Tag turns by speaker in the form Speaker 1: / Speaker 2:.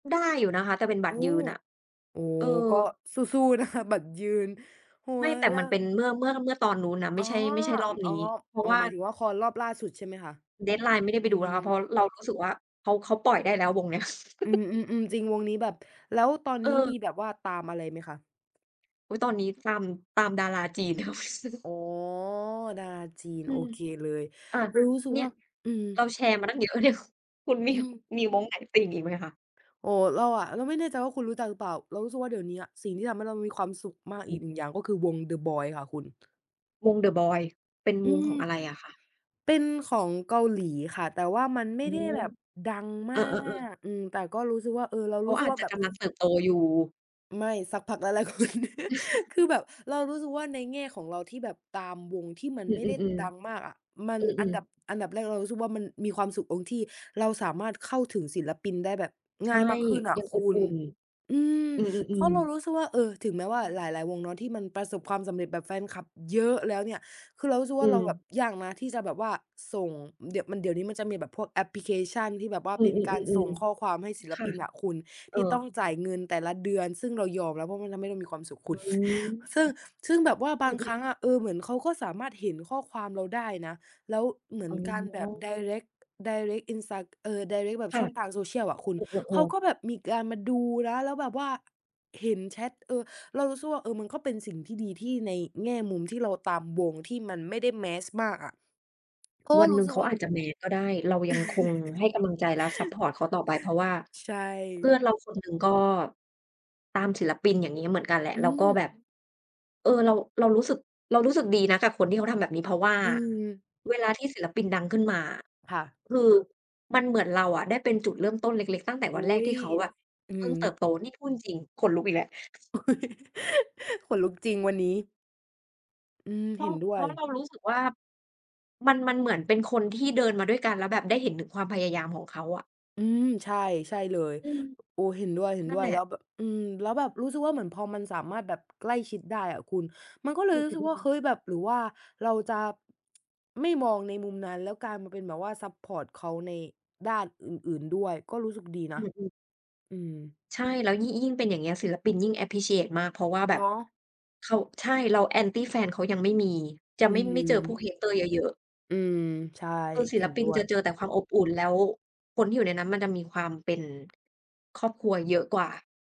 Speaker 1: ได้อยู่นะคะ แต่เป็นบ
Speaker 2: โ
Speaker 1: ั
Speaker 2: อ
Speaker 1: ต
Speaker 2: ้
Speaker 1: รยืนน่ะ
Speaker 2: โอ้
Speaker 1: เออ
Speaker 2: ก็สู้ ๆ นะคะ บัตรยืนหั
Speaker 1: ไม
Speaker 2: ว
Speaker 1: ่ แต่
Speaker 2: ล
Speaker 1: มันเป็
Speaker 2: ะ
Speaker 1: นเมื่อ เมื่อ เมื่อตอนนู้นนะ ไม
Speaker 2: อ
Speaker 1: ่
Speaker 2: ๋อ
Speaker 1: ใช่ ไม่ใช่รอบ
Speaker 2: อ อ
Speaker 1: น
Speaker 2: ๋
Speaker 1: ี
Speaker 2: อ
Speaker 1: ้ เพรา
Speaker 2: อ
Speaker 1: ะ
Speaker 2: ๋อ
Speaker 1: ว่า
Speaker 2: หมายถึงว่าคอนรอบล่าสุดใช่ไหมคะ?
Speaker 1: Deadline ไม่ได้
Speaker 2: อื
Speaker 1: ไปดูแ
Speaker 2: ม
Speaker 1: ล้วค่ะ เพราะ เรารู้สึกว่า เขา เขาปล่อยได้แล้ววงเนี้ย
Speaker 2: อืม ๆ ๆ จริง วงนี้แบบ แล้วตอน
Speaker 1: เ
Speaker 2: นี้ม
Speaker 1: ออ
Speaker 2: ีแบบว่าตามอะไรไหมคะ?
Speaker 1: อุ๊ย ตอนนี้ตาม ตามดาราจีน [unintelligible]
Speaker 2: อ๋อ ดาจีน
Speaker 1: อื
Speaker 2: โอ
Speaker 1: ม
Speaker 2: เค เลย
Speaker 1: อา
Speaker 2: รู้สึก
Speaker 1: เนี่
Speaker 2: ว่
Speaker 1: ย
Speaker 2: า อืม
Speaker 1: เราแชร์มาตั้งเยอะเนี่ย คุณมี
Speaker 2: อืม
Speaker 1: มีวงไหนติ่งอีกไหมคะ?
Speaker 2: โอ้ เราอะ เราไม่แน่ใจว่าคุณรู้จักหรือเปล่า เรารู้สึกว่าเดี๋ยวเนี้ยสิ่งที่ทำให้เรามีความสุขมาก
Speaker 1: อ
Speaker 2: อ
Speaker 1: ื
Speaker 2: ีก
Speaker 1: ม
Speaker 2: หนึ่งอย่างก็คือ วง THE BOYZ ค่ะคุณ
Speaker 1: วง THE BOYZ เป็น
Speaker 2: อ
Speaker 1: ว
Speaker 2: ื
Speaker 1: งข
Speaker 2: อ
Speaker 1: องอะไรอะคะ?
Speaker 2: เป็นของเกาหลีค่ะ แต่ว่ามันไม
Speaker 1: อื
Speaker 2: ่ได้
Speaker 1: ม
Speaker 2: แบบดัง
Speaker 1: เ
Speaker 2: ม
Speaker 1: อ
Speaker 2: า
Speaker 1: อ ๆ ๆ
Speaker 2: ก อืม แต่ก็รู้สึกว่า เออ เรา
Speaker 1: เขา
Speaker 2: รู้ส
Speaker 1: อ
Speaker 2: ึก
Speaker 1: าจ
Speaker 2: ว่า
Speaker 1: จะ
Speaker 2: แบ
Speaker 1: ก
Speaker 2: บ
Speaker 1: ำลังเติบโตอยู่
Speaker 2: ไม่ สักพักหลาย ๆ คน คือแบบเรารู้สึกว่า ในแง่ของเราที่แบบตามวงที่มัน
Speaker 1: อื
Speaker 2: ไม
Speaker 1: อ
Speaker 2: ่ได้ดัง
Speaker 1: ๆ
Speaker 2: มากอะ มั
Speaker 1: ๆ
Speaker 2: น
Speaker 1: อื
Speaker 2: อัน
Speaker 1: อ
Speaker 2: ดั
Speaker 1: ๆ
Speaker 2: บ อันดับแรกเรารู้สึกว่ามันมีความสุขตรงที่เราสามารถเข้าถึงศิลปินได้แบบ
Speaker 1: ใช
Speaker 2: ง
Speaker 1: ่
Speaker 2: ่ายมากขึ้นอะ
Speaker 1: ยัง
Speaker 2: ค
Speaker 1: อบ
Speaker 2: ุ
Speaker 1: อุ
Speaker 2: ณ
Speaker 1: ่น
Speaker 2: อืม
Speaker 1: อื
Speaker 2: เพรา
Speaker 1: อ
Speaker 2: ะเร
Speaker 1: ๆ
Speaker 2: า
Speaker 1: ๆ
Speaker 2: รู้สึกว่า เออ ถึงแม้ว
Speaker 1: อ
Speaker 2: ่า
Speaker 1: ือ
Speaker 2: หลาย ๆ วงเนาะที่มันประสบความสำเร็จ แบบแฟนคลับเยอะแล้วเนี่ย คือเรารู้สึก
Speaker 1: อ
Speaker 2: ว่
Speaker 1: ื
Speaker 2: าเราแบบ
Speaker 1: ม
Speaker 2: ยากนะที่จะแบบว่าส่ง เดี๋ยวมัน เดี๋ยวนี้มันจะมีแบบพวกแอปพลิเคชันที่แบบว่า
Speaker 1: อื
Speaker 2: เป็นการส
Speaker 1: อ
Speaker 2: ่งข้อ
Speaker 1: ๆ
Speaker 2: ความให
Speaker 1: ๆ
Speaker 2: ้ศิล
Speaker 1: ๆ ค่
Speaker 2: ป
Speaker 1: ะ
Speaker 2: ินอะคุณ
Speaker 1: เอ
Speaker 2: ท
Speaker 1: อ
Speaker 2: ี่ต้องจ่ายเงินแต่ละเดือน ซึ่งเรายอมแล้ว เพราะมันทำให้เรามีความสุขค
Speaker 1: อื
Speaker 2: ุณ
Speaker 1: ม
Speaker 2: ซึ่ง ซึ่งแบบว่าบ
Speaker 1: อื
Speaker 2: างค
Speaker 1: อ
Speaker 2: ร
Speaker 1: ๆ
Speaker 2: ั้งอะ เออ เหมือนเขาก็สามารถเห็นข้อความเราได้นะ แล้วเหมื
Speaker 1: อ
Speaker 2: อ
Speaker 1: ๋
Speaker 2: นการแบบ
Speaker 1: อ
Speaker 2: direct direct อินไซด์ เออ direct แบ
Speaker 1: ค
Speaker 2: บ
Speaker 1: ่
Speaker 2: ช
Speaker 1: ะ
Speaker 2: ่องทาง Social อะคุ
Speaker 1: เ
Speaker 2: ณ
Speaker 1: อ
Speaker 2: เขา
Speaker 1: อ
Speaker 2: ก
Speaker 1: ๆ ๆ
Speaker 2: ็แบบมีการมาดูนะ แล้วแบบว่า เห็นแชต เออ เรารู้สึกว่า เออ มันก็เป็นสิ่งที่ดีที่ ในแง่มุมที่เราตามวงที่มันไม่ได้ Mass มากอะ ก็
Speaker 1: วัน
Speaker 2: ร
Speaker 1: ห
Speaker 2: ู
Speaker 1: นึ
Speaker 2: ้
Speaker 1: ่ง
Speaker 2: สึ
Speaker 1: เข
Speaker 2: ก
Speaker 1: า
Speaker 2: ว่า
Speaker 1: อาจจะ Mass ก็ได้ เรายังคงให้กำลังใจและซัปพอร์ตเขาต่อไป เพราะว่า
Speaker 2: ใช
Speaker 1: เพื่อน
Speaker 2: ่
Speaker 1: เราคนหนึ่งก็ตามศิลปินอย่างงี้เหมือนกันแหละ
Speaker 2: อื
Speaker 1: แล้วก็แบบ
Speaker 2: ม
Speaker 1: เออ เรา เรารู้สึก เรารู้สึกดีนะกับคนที่เขาทำแบบนี้ เพราะว่า
Speaker 2: อืม
Speaker 1: เวลาที่ศิลปินดังขึ้นมาอะ
Speaker 2: ค่ะ
Speaker 1: คือมันเหมือนเราอะได้เป็นจุดเริ่มต้นเล็ก ๆ ตั้งแต่
Speaker 2: อ
Speaker 1: ว
Speaker 2: ุ๊
Speaker 1: ันแรกท
Speaker 2: ย
Speaker 1: ี่เขาแบบ
Speaker 2: อือ
Speaker 1: เ
Speaker 2: ฮ
Speaker 1: พิ่งเติ
Speaker 2: ึ
Speaker 1: บโต นี่พูดจริง ๆ ขนลุกอีกแล้ว
Speaker 2: อุ๊ย ขนลุกจริงวันนี้ อืม
Speaker 1: เพร
Speaker 2: เห
Speaker 1: า
Speaker 2: ็
Speaker 1: ะ
Speaker 2: นด้ว
Speaker 1: เพรา
Speaker 2: ย
Speaker 1: ะเรารู้สึกว่ามัน มันเหมือนเป็นคนที่เดินมาด้วยกัน แล้วแบบได้เห็นถึงความพยายามของเขาอะ
Speaker 2: อืม ใช่ ใช่เลย
Speaker 1: อือ
Speaker 2: โอ้ เห็นด้
Speaker 1: นั้น
Speaker 2: ว
Speaker 1: แ
Speaker 2: ย
Speaker 1: หล
Speaker 2: ๆ แ
Speaker 1: ะ
Speaker 2: ล้วแบบ อืม แล้วแบบรู้สึกว่าเหมือนพอมันสามารถแบบ ใกล้ชิดได้อะคุณ มันก็เล
Speaker 1: อ
Speaker 2: ย
Speaker 1: ื
Speaker 2: รู้สึกว่า
Speaker 1: อ ๆ
Speaker 2: เฮ
Speaker 1: ๆ
Speaker 2: ้ย แบบ หรือว่าเราจะ ไม่มองในมุมนั้น แล้วกลายมาเป็นแบบว่าซัปพอร์ตเขาในด้านอื่น ๆ ด้วยก็รู้สึกดีน
Speaker 1: อ
Speaker 2: ะ
Speaker 1: ือ ๆ
Speaker 2: อืม
Speaker 1: ใช่ แล้วยิ่ง ยิ่งเป็นอย่างเงี้ย ศิลปินยิ่ง อัปพรีชีเอต มาก เพราะว่าแบ
Speaker 2: เน
Speaker 1: บ
Speaker 2: าะ
Speaker 1: เขา ใช่ แล้ว Anti แฟนเขายังไม่มี จะ
Speaker 2: อื
Speaker 1: ไม่
Speaker 2: ม
Speaker 1: ไม่เจอพวก Hater เยอะ ๆ
Speaker 2: อืม ใช่
Speaker 1: คือศิ
Speaker 2: เห็
Speaker 1: ล
Speaker 2: น
Speaker 1: ปิ
Speaker 2: ด้
Speaker 1: น
Speaker 2: ว
Speaker 1: จ
Speaker 2: ย
Speaker 1: ะเจอแต่ความอบอุ่น แล้วคนที่อยู่ในนั้นมันจะมีความเป็น ครอบครัวเยอะกว่า